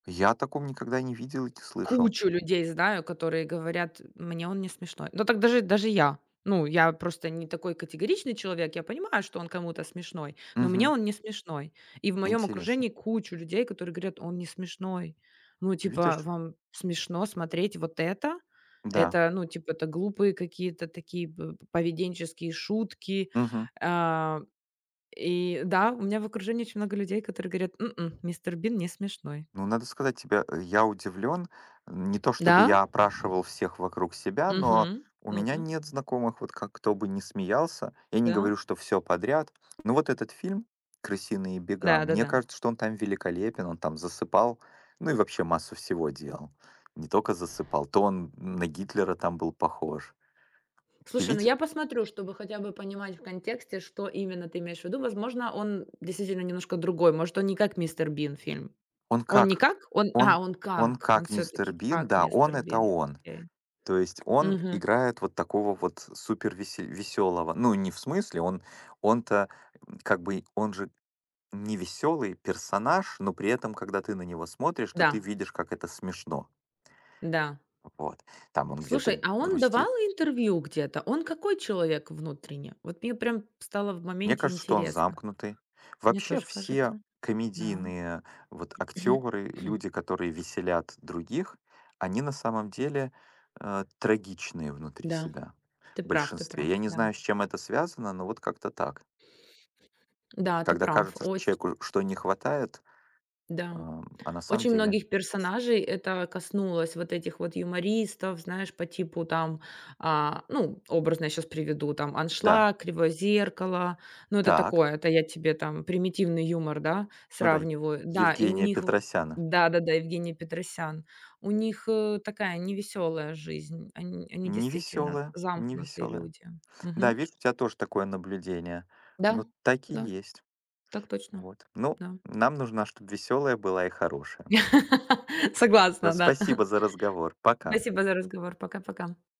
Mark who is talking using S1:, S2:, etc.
S1: Я о таком никогда не видел и не слышал.
S2: Кучу людей знаю, которые говорят мне: "Он не смешной". Ну, так даже даже я, ну, я просто не такой категоричный человек, я понимаю, что он кому-то смешной, но мне
S1: Мгм.
S2: он не смешной. И в моём
S1: Интересно.
S2: окружении кучу людей, которые говорят: "Он не смешной". Ну типа,
S1: Видишь?
S2: вам смешно смотреть вот это?
S1: Да.
S2: Это, ну типа, это глупые какие-то такие пов поведенческие шутки,
S1: Мгм.
S2: э. И да, у меня в окружении очень много людей, которые говорят: "М-м, Мистер Бин не смешной".
S1: Ну, надо сказать тебе, я удивлен. Не то
S2: Да.
S1: чтобы я опрашивал всех вокруг себя, но
S2: Мгм.
S1: у меня
S2: Ну-ка.
S1: нет знакомых, вот как кто бы ни смеялся. Я не
S2: Да?
S1: говорю, что всё подряд. Но вот этот фильм "Крысиные бега", мне
S2: Да-да-да.
S1: кажется, что он там великолепен, он там засыпал, ну и вообще массу всего делал. Не тока засыпал, то он на Гитлера там был похож. Ты
S2: Слушай, ну,
S1: виде
S2: я посмотрю, чтобы хотя бы понимать в контексте, что именно ты имеешь в виду. Возможно, он действительно немножко другой. Может, он не как "Мистер Бин" фильм,
S1: Он
S2: он не
S1: как
S2: как, а,
S1: он
S2: он
S1: он
S2: как, он
S1: как Мистер
S2: всё-таки
S1: Бин,
S2: как
S1: да, он
S2: "Мистер
S1: это
S2: Бин".
S1: он.
S2: Окей.
S1: То есть он
S2: Мгм.
S1: играет вот такого вот супервесе весёлого, ну, не в смысле, он, он-то как бы он же не весёлый персонаж, но при этом, когда ты на него смотришь, то ты
S2: Да.
S1: видишь, как это смешно.
S2: Да.
S1: Вот, там он
S2: Слушай,
S1: где-то
S2: а он давал
S1: грустит.
S2: интервью где-то? Он какой человек внутренне? Вот мне прямо стало в
S1: Мне
S2: моменте
S1: кажется, что он
S2: интересно.
S1: замкнутый.
S2: Мне
S1: Вообще,
S2: тоже
S1: все
S2: кажется. Да.
S1: комедийные вот актёры, люди, которые веселят других, они на самом деле, э, трагичные внутри
S2: Да,
S1: себя
S2: ты
S1: в
S2: прав ты
S1: большинстве.
S2: прав.
S1: Я не знаю,
S2: Да.
S1: с чем это связано, но вот как-то так.
S2: Да, ты
S1: Тогда
S2: прав.
S1: кажется, что
S2: Оче
S1: человеку, что не хватает,
S2: Да,
S1: ам, а на самом
S2: очень
S1: деле
S2: многих персонажей это коснулось, вот этих вот юмористов, знаешь, по типу там, а, ну, образно я щас приведу там
S1: Да.
S2: "Аншлаг", "Кривое зеркало". Ну, это
S1: Так.
S2: такое, это я тебе там примитивный юмор, да,
S1: Ну да,
S2: сравниваю. Да, и у
S1: Евгения
S2: них в
S1: Петросяна.
S2: да, да, Евгений Петросян. У них ы такая невеселая жизнь, они они
S1: Не
S2: действительно
S1: весёлая не
S2: замкнутые
S1: весёлая.
S2: люди.
S1: Да,
S2: Мгм.
S1: видишь, у тебя тоже такое наблюдение. Ну,
S2: Да
S1: так и
S2: да.
S1: есть.
S2: Так точно.
S1: Вот. Ну,
S2: Да.
S1: нам нужно, чтоб весёлая была и хорошая. Да.
S2: Согласна, да.
S1: Спасибо за разговор. Пока.
S2: Спасибо за разговор. Пока пока.